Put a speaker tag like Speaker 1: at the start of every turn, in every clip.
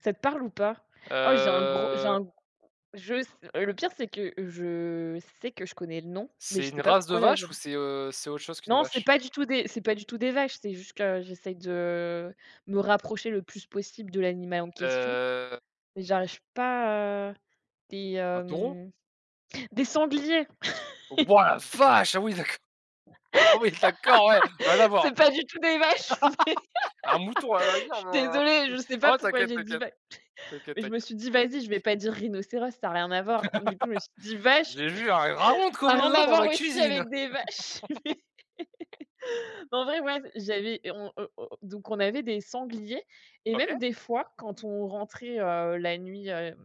Speaker 1: Ça te parle ou pas? Oh, j'ai un gros, j'ai un
Speaker 2: Heu
Speaker 1: g je s le pire, c'est que je sais que je connais le nom mais
Speaker 2: c'est
Speaker 1: je sais
Speaker 2: une
Speaker 1: pas
Speaker 2: race de
Speaker 1: pourquoi là j'ai un
Speaker 2: vache ou c'est, heu, c'est autre chose qu'une
Speaker 1: Non, c'est
Speaker 2: vache?
Speaker 1: pas du tout des c'est pas du tout des vaches, c'est juste que j'essaye de, heu, me rapprocher le plus possible de l'animal en question,
Speaker 2: Heu
Speaker 1: mais j'arrive pas, heu, des,
Speaker 2: un taureau?
Speaker 1: hem, des sangliers!
Speaker 2: Waouh! La vache, ah oui d'accord! Ah oui d'accord ouais rien à voir!
Speaker 1: C'est pas du tout des vaches, mais!
Speaker 2: Un mouton à la
Speaker 1: Je
Speaker 2: rigueur
Speaker 1: suis
Speaker 2: mais heu,
Speaker 1: désolée, je sais pas
Speaker 2: oh,
Speaker 1: pourquoi
Speaker 2: t'inquiète,
Speaker 1: j'ai dit
Speaker 2: t'inquiète,
Speaker 1: va
Speaker 2: t'inquiète,
Speaker 1: mais je me
Speaker 2: t'inquiète.
Speaker 1: suis dit: «Vas-y, je vais pas dire rhinocéros, ça a rien à voir», du coup, je me suis dit vache,
Speaker 2: J'ai vu un dragon de
Speaker 1: ça a rien
Speaker 2: Komodo
Speaker 1: à
Speaker 2: dans
Speaker 1: voir
Speaker 2: ma
Speaker 1: aussi
Speaker 2: cuisine!
Speaker 1: avec des vaches! Mais en vrai, moi, j'avais, on heu o donc on avait des sangliers et même
Speaker 2: OK.
Speaker 1: des fois, quand on rentrait, heu, la nuit, heu,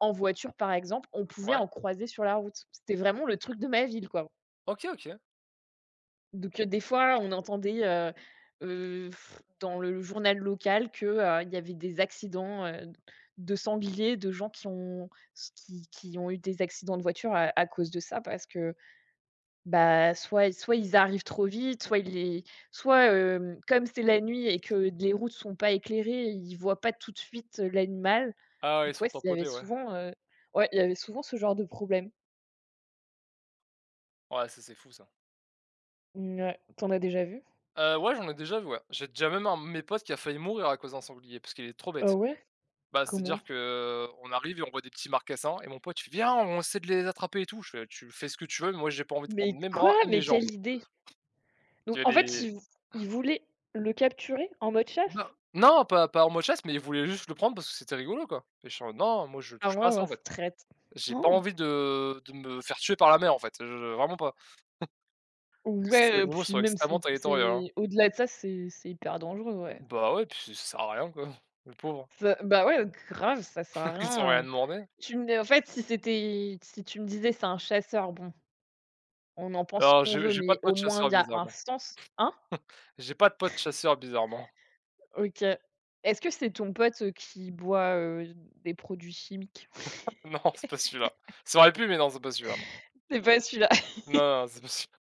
Speaker 1: en voiture, par exemple, on pouvait
Speaker 2: Ouais.
Speaker 1: en croiser sur la route. C'était vraiment le truc de ma ville, quoi
Speaker 2: OK, OK.
Speaker 1: donc heu, des fois, on entendait, heu heu, dans le journal local que, heu, il y avait des accidents, heu, d de sanglier, de gens qui ont se qui qui ont eu des accidents de voiture à à cause de ça, parce que, bah, soit soit ils arrivent trop vite, soit ils les soit, heu, comme c'est la nuit et que les routes sont pas éclairées, ils voient pas tout de suite, heu, l'animal,
Speaker 2: Ah ouais, ils
Speaker 1: donc ouais,
Speaker 2: sont
Speaker 1: ç il y avait
Speaker 2: tamponnés, ouais.
Speaker 1: souvent, heu, ouais, il y avait souvent ce genre de problème.
Speaker 2: Ouais, ça c'est fou, ça.
Speaker 1: Mouais, tu en as déjà vu?
Speaker 2: Heu, ouais, j'en ai déjà vu, ouais. J'ai déjà même un de mes potes qui a failli mourir à cause d'un sanglier, parce qu'il est trop
Speaker 1: Oh
Speaker 2: bête.
Speaker 1: ouais,
Speaker 2: Bah,
Speaker 1: comment?
Speaker 2: c'est-à-dire que, heu, on arrive et on voit des petits marcassins et mon pote il fait: «Viens, on essaie de les attraper et tout». Je fais: «Tu fais ce que tu veux mais moi, j'ai pas envie de prendre
Speaker 1: Mais
Speaker 2: mes
Speaker 1: quoi,
Speaker 2: bras et mes
Speaker 1: mais
Speaker 2: jambes!»
Speaker 1: quelle idée! Donc,
Speaker 2: J'ai
Speaker 1: en fait,
Speaker 2: des
Speaker 1: il v il voulait le capturer en mode
Speaker 2: Non,
Speaker 1: chasse?
Speaker 2: non pas pas en mode chasse, mais il voulait juste le prendre parce que c'était rigolo quoi et j'étais en mode: «Non, moi, je
Speaker 1: Ah
Speaker 2: touche pas à ça
Speaker 1: waouh,
Speaker 2: en fait.
Speaker 1: c'est traître,
Speaker 2: J'ai pas envie de de me faire tuer par la mère, en fait, je vraiment pas». Parce que ces
Speaker 1: Ouais, heu,
Speaker 2: animaux
Speaker 1: puis
Speaker 2: sont
Speaker 1: même
Speaker 2: extrêmement
Speaker 1: c'est
Speaker 2: territorial, hein.
Speaker 1: c'est au-delà de ça, c'est c'est hyper dangereux, ouais.
Speaker 2: Bah, ouais et puis ça sert à rien quoi, le pauvre
Speaker 1: Ça, bah, ouais, grave, ça sert à
Speaker 2: ils ont
Speaker 1: rien,
Speaker 2: rien
Speaker 1: heu,
Speaker 2: demandé.
Speaker 1: tu me nai en fait si c'était, si tu me disais c'est un chasseur, bon, on en pense ce
Speaker 2: Alors,
Speaker 1: qu'on
Speaker 2: j'ai
Speaker 1: veut,
Speaker 2: j'ai pas
Speaker 1: mais
Speaker 2: de
Speaker 1: au
Speaker 2: pote
Speaker 1: moins, il
Speaker 2: chasseur
Speaker 1: y a un
Speaker 2: bizarrement.
Speaker 1: sens, hein?
Speaker 2: J'ai pas de pote chasseur, bizarrement.
Speaker 1: OK. Est-ce que c'est ton pote, heu, qui boit, heu, des produits chimiques?
Speaker 2: Non, c'est pas celui-là, ça aurait pu, mais non, c'est pas celui-là, non
Speaker 1: C'est pas celui-là.
Speaker 2: non, non c'est pas celui là!